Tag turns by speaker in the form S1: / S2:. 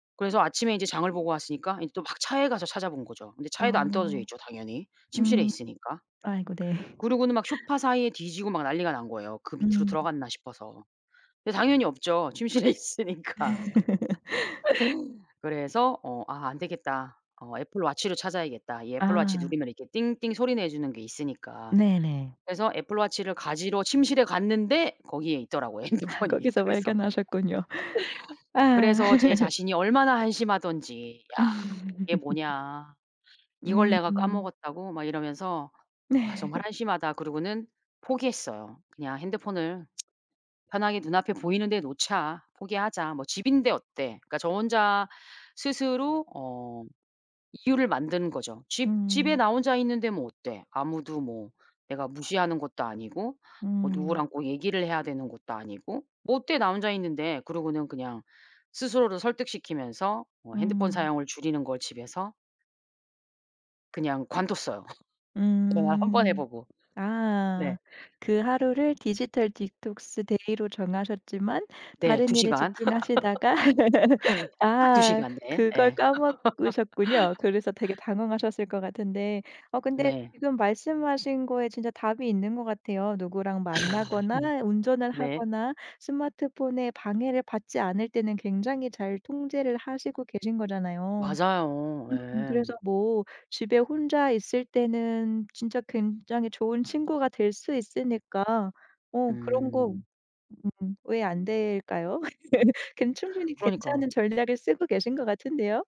S1: 그래서 아침에 인제 장을 보고 왔으니까 인제 또 막 차에 가서 찾아본 거죠. 근데 차에도 안 떨어져
S2: 아.
S1: 있죠 당연히 침실에
S2: 음
S1: 있으니까.
S2: 아이고 네.
S1: 그러고는 막 소파 사이에 뒤지고 막 난리가 난 거예요 그 밑으로
S2: 음.
S1: 들어갔나 싶어서. 근데 당연히 없죠 침실에 있으니까. 그래서 어 '아 안되겠다. 어 애플워치를 찾아야겠다.' 이 애플워치
S2: 아.
S1: 누르면 이렇게 띵띵 소리 내주는 게 있으니까.
S2: 네네.
S1: 그래서 애플워치를 가지러 침실에 갔는데 거기에 있더라고,
S2: 아
S1: 핸드폰이.
S2: 거기서
S1: 그래서
S2: 발견하셨군요. 아.
S1: 그래서 제 자신이 얼마나 한심하던지. '야, 이게 뭐냐. 이걸 내가
S2: 음.
S1: 까먹었다고?' 막 이러면서 '아 정말 한심하다.' 그러고는 포기했어요. '그냥 핸드폰을 편하게 눈앞에 보이는 데 놓자. 포기하자. 뭐 집인데 어때?' 그러니까 저 혼자 스스로 어 이유를 만드는 거죠. '집 집에
S2: 음.
S1: 나 혼자 있는데 뭐 어때? 아무도 뭐 내가 무시하는 것도 아니고 뭐
S2: 음.
S1: 누구랑 꼭 얘기를 해야 되는 것도 아니고 뭐 어때 나 혼자 있는데?' 그러고는 그냥 스스로를 설득시키면서 뭐 핸드폰
S2: 음.
S1: 사용을 줄이는 걸 집에서 그냥 관뒀어요. 그날 1 번 해
S2: 음.
S1: 보고.
S2: 아.
S1: 네.
S2: 그 하루를 디지털 디톡스 데이로 정하셨지만
S1: 네.
S2: 다른
S1: 2
S2: 일에
S1: 시간.
S2: 집중하시다가
S1: 딱 2
S2: 아
S1: 시간. 네.
S2: 그걸
S1: 예.
S2: 까먹으셨군요. 그래서 되게 당황하셨을 것 같은데 어 근데
S1: 네.
S2: 지금 말씀하신 거에 진짜 답이 있는 것 같아요. 누구랑
S1: 아
S2: 만나거나 운전을
S1: 음 네.
S2: 하거나 스마트폰에 방해를 받지 않을 때는 굉장히 잘 통제를 하시고 계신 거잖아요.
S1: 맞아요.
S2: 음
S1: 예.
S2: 그래서 뭐 집에 혼자 있을 때는 진짜 굉장히 좋은 친구가 될 수 있으니까 어 그런 거
S1: 음.
S2: 음 왜 안될까요? 괜 충분히 괜찮은
S1: 그러니까.
S2: 전략을 쓰고 계신 것 같은데요?